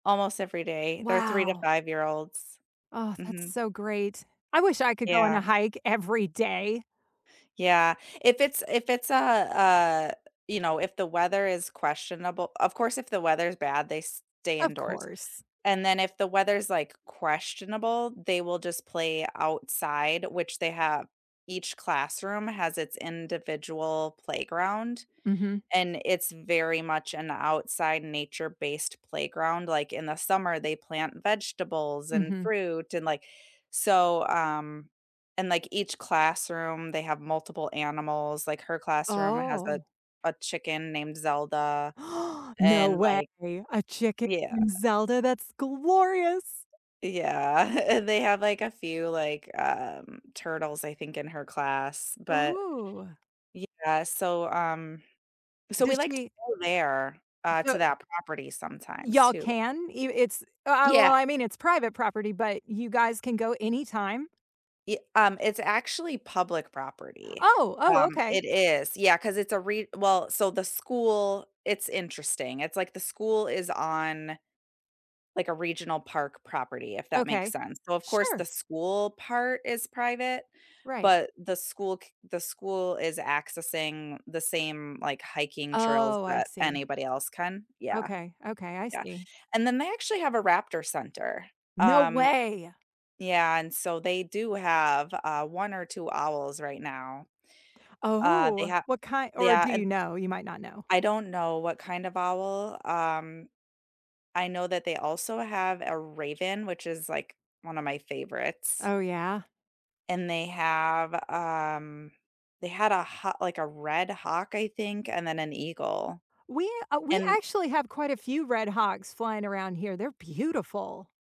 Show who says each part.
Speaker 1: Almost every day. They're 3 to
Speaker 2: Wow.
Speaker 1: five-year-olds.
Speaker 2: Aw, that's
Speaker 1: Mhm.
Speaker 2: so great. I wish I could go on a
Speaker 1: Yeah.
Speaker 2: hike every day.
Speaker 1: Yeah. If it's if it's a a you know, if the weather is questionable of course if the weather's bad, they stay
Speaker 2: Of
Speaker 1: indoors,
Speaker 2: course.
Speaker 1: and then if the weather's, like, questionable, they will just play outside, which they have each classroom has its individual playground,
Speaker 2: Mhm.
Speaker 1: and it's very much an outside nature-based playground, like, in the summer, they plant vegetables and
Speaker 2: Mhm.
Speaker 1: fruit and like so, um and like each classroom, they have multiple animals, like her classroom has a
Speaker 2: Oh.
Speaker 1: a chicken named Zelda,
Speaker 2: No
Speaker 1: and, like
Speaker 2: way! A chicken
Speaker 1: yeah.
Speaker 2: named Zelda, that's glorious.
Speaker 1: Yeah, and they have like a few, like, um, turtles, I think, in her class, but
Speaker 2: Ooh.
Speaker 1: yeah. So, um so we
Speaker 2: Does
Speaker 1: like to
Speaker 2: she
Speaker 1: go there, uh, to
Speaker 2: So
Speaker 1: that property sometimes
Speaker 2: Y'all
Speaker 1: too.
Speaker 2: can? Ev it's uh, uh, well,
Speaker 1: Yeah.
Speaker 2: I mean, it's private property, but you guys can go anytime?
Speaker 1: Ye um, it's actually public property.
Speaker 2: Oh! Oh,
Speaker 1: Um,
Speaker 2: okay.
Speaker 1: it is. Yeah, 'cause it's a re well so the school it's interesting, it's like the school is on, like, a regional park property, if that makes
Speaker 2: Okay.
Speaker 1: sense. So, of course,
Speaker 2: Sure!
Speaker 1: the school part is private,
Speaker 2: Right.
Speaker 1: but the school c the school is accessing the same, like, hiking trails
Speaker 2: Oh, I
Speaker 1: that
Speaker 2: see.
Speaker 1: anybody else can. Yeah.
Speaker 2: Okay. Okay, I
Speaker 1: Yeah,
Speaker 2: see.
Speaker 1: and then they actually have a raptor center.
Speaker 2: No
Speaker 1: Um
Speaker 2: way!
Speaker 1: yeah, and so they do have, uh, 1 or 2 owls right now. U uh,
Speaker 2: Oh
Speaker 1: they
Speaker 2: ooh,
Speaker 1: ha
Speaker 2: what kin or
Speaker 1: Yeah,
Speaker 2: do
Speaker 1: and
Speaker 2: you know? You might not know.
Speaker 1: I don't know what kind of owl. Um, I know that they also have a raven, which is, like, one of my favorites.
Speaker 2: Oh, yeah?
Speaker 1: And they have, um they had a ha like, a red hawk, I think, and then an eagle,
Speaker 2: We uh, we
Speaker 1: and
Speaker 2: actually have quite a few red hawks flying around here, they're beautiful.